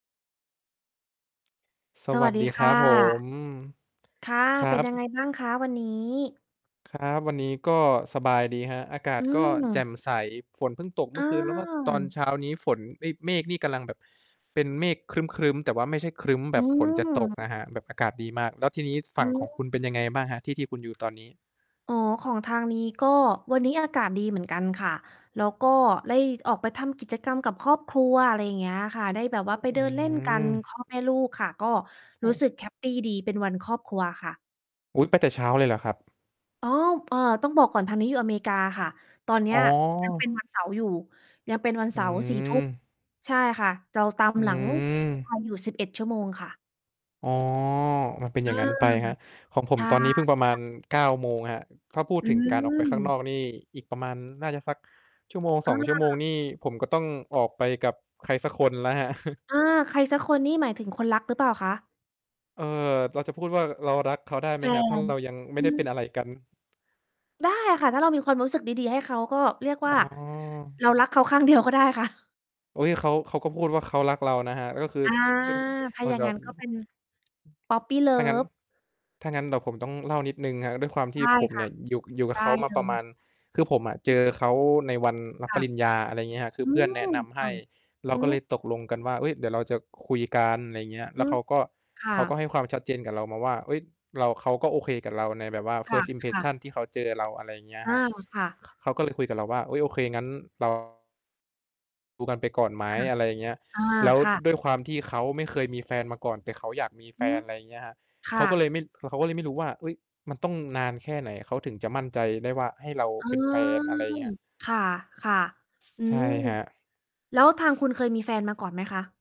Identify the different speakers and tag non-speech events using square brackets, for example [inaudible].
Speaker 1: ส
Speaker 2: ส
Speaker 1: ว
Speaker 2: ว
Speaker 1: ั
Speaker 2: ัส
Speaker 1: ส
Speaker 2: ดี
Speaker 1: ดี
Speaker 2: ค
Speaker 1: ครั
Speaker 2: ่
Speaker 1: บผ
Speaker 2: ะ
Speaker 1: ม อืม
Speaker 2: ค่ะ
Speaker 1: ครั
Speaker 2: เป็นยังไ
Speaker 1: บ
Speaker 2: งบ้างคะวันนี้?
Speaker 1: ครับ วันนี้ก็สบายดีครับ อากา
Speaker 2: อ
Speaker 1: ศ
Speaker 2: ื
Speaker 1: ก็แจ่
Speaker 2: ม
Speaker 1: มใส ฝนเพิ่งตก เม
Speaker 2: อ
Speaker 1: ื่อคืน แล้วก็ ตอน
Speaker 2: า
Speaker 1: เช้านี้ฝน เอ๊ย เมฆนี่กำลังแบบเป็นเมฆครึ้ม ๆ แต่ว่าไม่ใช่ครึ้มแบ
Speaker 2: อื
Speaker 1: บฝนจะตก
Speaker 2: ม
Speaker 1: นะครับ แบบอากาศดีมาก แล้วทีนี้ ฝ ฝ
Speaker 2: อ
Speaker 1: ั
Speaker 2: ื
Speaker 1: ่งขอ
Speaker 2: ม
Speaker 1: งคุณเป็นยังไงบ้างครับ ที่ ที่คุณอยู่ตอนนี้?
Speaker 2: อ๋อ ของทางนี้ก็วันนี้อากาศดีเหมือนกันค่ะ แล้วก็ได้ออกไปทำกิจกรรมกับครอบครัว อะไรอย่างเงี้ยค่ะ ได้แบบว่าไป
Speaker 1: อ
Speaker 2: เ
Speaker 1: ื
Speaker 2: ดิ
Speaker 1: ้อ
Speaker 2: นเ
Speaker 1: ฮ
Speaker 2: ล่
Speaker 1: ื
Speaker 2: นกัน
Speaker 1: อ
Speaker 2: พ่อ แม่ลูกค่ะ ก็
Speaker 1: อ
Speaker 2: รู้ส
Speaker 1: ือ
Speaker 2: ึกแฮปปีดี เป็นวันครอบครัวค่ะ
Speaker 1: อุ๊ย ไปแต่เช้าเลยเหรอครับ?
Speaker 2: อ๋อ เอ่อ ต้องบอกก่อนทางนี้อยู่อเมริกาค่ะ ตอนเนี้
Speaker 1: อ
Speaker 2: ย
Speaker 1: ๋อ
Speaker 2: ยังเป็นวันเสาร์อยู่ ยังเป็นวัน
Speaker 1: อ
Speaker 2: เ
Speaker 1: ื
Speaker 2: สาร์ 22:00
Speaker 1: ม
Speaker 2: ใช่ค่ะ เราตาม
Speaker 1: อื
Speaker 2: หลัง ที่ไท
Speaker 1: ม
Speaker 2: ย อยู่ 11 ชั่วโมงค่ะ
Speaker 1: อ๋อ มันเป็นอย
Speaker 2: อ
Speaker 1: ่า
Speaker 2: า
Speaker 1: งงั้นไปครับ ของผ
Speaker 2: ใ
Speaker 1: ม
Speaker 2: ช่
Speaker 1: ตอนนี้เพึ่งประ
Speaker 2: ค
Speaker 1: มา
Speaker 2: ่ะ
Speaker 1: ณ 9 โมงครับ ถ้าพูด
Speaker 2: อื
Speaker 1: ถึงการออกไปข้างน
Speaker 2: ม
Speaker 1: อกนี่ อีกประมาณน่าจะสัก ชั่วโมงสอ
Speaker 2: อ
Speaker 1: ง ชั่วโมง
Speaker 2: า
Speaker 1: นี่ ผมก็ต้องออกไปกับใครสักคนแล้วครับ [chuckles]
Speaker 2: อา ใครสักคนนี่หมายถึงคนรักหรือเปล่าคะ?
Speaker 1: เอ่อ เราจะพูดว่า ร เรารักเขาได้ไห
Speaker 2: แ
Speaker 1: ม
Speaker 2: ฟ
Speaker 1: ครับ? ถ้า
Speaker 2: น
Speaker 1: เรา ยังไม
Speaker 2: อ
Speaker 1: ่
Speaker 2: ื
Speaker 1: ได้เ
Speaker 2: อ
Speaker 1: ป็นอะไรกัน
Speaker 2: ได้ค่ะ ถ้าเรามีความรู้สึกดี ๆ ให้เขา ก็เรียก
Speaker 1: อ
Speaker 2: ว
Speaker 1: ๋
Speaker 2: ่า
Speaker 1: อ
Speaker 2: เรารักเขา ข้างเดียวก็ได้ค่ะ
Speaker 1: โอ๊ย เขา เขาก็พูดว่าเขารักเรานะครับ ก็คือ
Speaker 2: อา ถ้า
Speaker 1: [unintelligible] มั
Speaker 2: อย
Speaker 1: น
Speaker 2: ่าง
Speaker 1: แบ
Speaker 2: งั
Speaker 1: บ...
Speaker 2: ้น ก็เป็น Puppy
Speaker 1: ถ้างั้น
Speaker 2: Love
Speaker 1: ถ้างั้นเดี๋ยวผมต้องเล่านิดหนึ่งครับ ด้วยความท
Speaker 2: ไ
Speaker 1: ี
Speaker 2: ด
Speaker 1: ่
Speaker 2: ้
Speaker 1: ผม
Speaker 2: ค
Speaker 1: เ
Speaker 2: ่
Speaker 1: นี
Speaker 2: ะ
Speaker 1: ่ย อยู่ อยู่ก
Speaker 2: ไ
Speaker 1: ั
Speaker 2: ด
Speaker 1: บเข
Speaker 2: ้
Speaker 1: าม
Speaker 2: เ
Speaker 1: า
Speaker 2: ล
Speaker 1: ประ
Speaker 2: ย
Speaker 1: มาณ คือผมอะเจอเขาในวันรับ
Speaker 2: ค
Speaker 1: ป
Speaker 2: ่ะ
Speaker 1: ริญญา อะไรเงี้ยครับ คื
Speaker 2: อ
Speaker 1: อ
Speaker 2: ื
Speaker 1: เพื่อนแนะ
Speaker 2: ม
Speaker 1: นำใ
Speaker 2: ค
Speaker 1: ห
Speaker 2: ่ะ
Speaker 1: ้ เรา
Speaker 2: อื
Speaker 1: ก็
Speaker 2: อ
Speaker 1: เลยตกลงกันว่า เฮ้ย เดี๋ยวเราจะคุยกัน อะไรเงี้ย
Speaker 2: อ
Speaker 1: แล
Speaker 2: ื
Speaker 1: ้วเ
Speaker 2: ม
Speaker 1: ขาก็
Speaker 2: ค่
Speaker 1: เขาก็ใ
Speaker 2: ะ
Speaker 1: ห้ความชัดเจนกับเรามาว่า เฮ้ย เรา เขาก็โอเคกับเราในแบบว่า
Speaker 2: ค่ะ
Speaker 1: First
Speaker 2: ค่ะ
Speaker 1: Impression ที่เขาเจอเรา อะไรอย่างเงี้ย
Speaker 2: อ้า
Speaker 1: ครับ
Speaker 2: ว ค่ะ
Speaker 1: ข เขาก็เลยคุยกับเราว่า อุ๊ย โอเค งั้นรอ ดูกันไปก่อนไหม?
Speaker 2: ค่ะ
Speaker 1: อะไรอย่างเงี้ย
Speaker 2: อา
Speaker 1: แล้ว
Speaker 2: ค่ะ
Speaker 1: ด้วยความที่เขาไม่เคยมีแฟนมาก่อน แต่เขาอยากมีแฟ
Speaker 2: อื
Speaker 1: น
Speaker 2: ม
Speaker 1: อะไรเงี้ยครับ
Speaker 2: ค
Speaker 1: เข
Speaker 2: ่
Speaker 1: าก็เล
Speaker 2: ะ
Speaker 1: ยไม่ คือเขาก็เลยไม่รู้ว่า เฮ้ย มันต้องนานแค่ไหน? เขาถึงจะมั่นใจได้ว่า ให้เรา
Speaker 2: เออ
Speaker 1: เป็นแฟน อะไรเงี้ยครับ
Speaker 2: ค่ะ
Speaker 1: ส
Speaker 2: ๆ อื
Speaker 1: ใช่
Speaker 2: อ
Speaker 1: ครับ
Speaker 2: แล้วทางคุณเคยมีแฟนมาก่อนไหมคะ?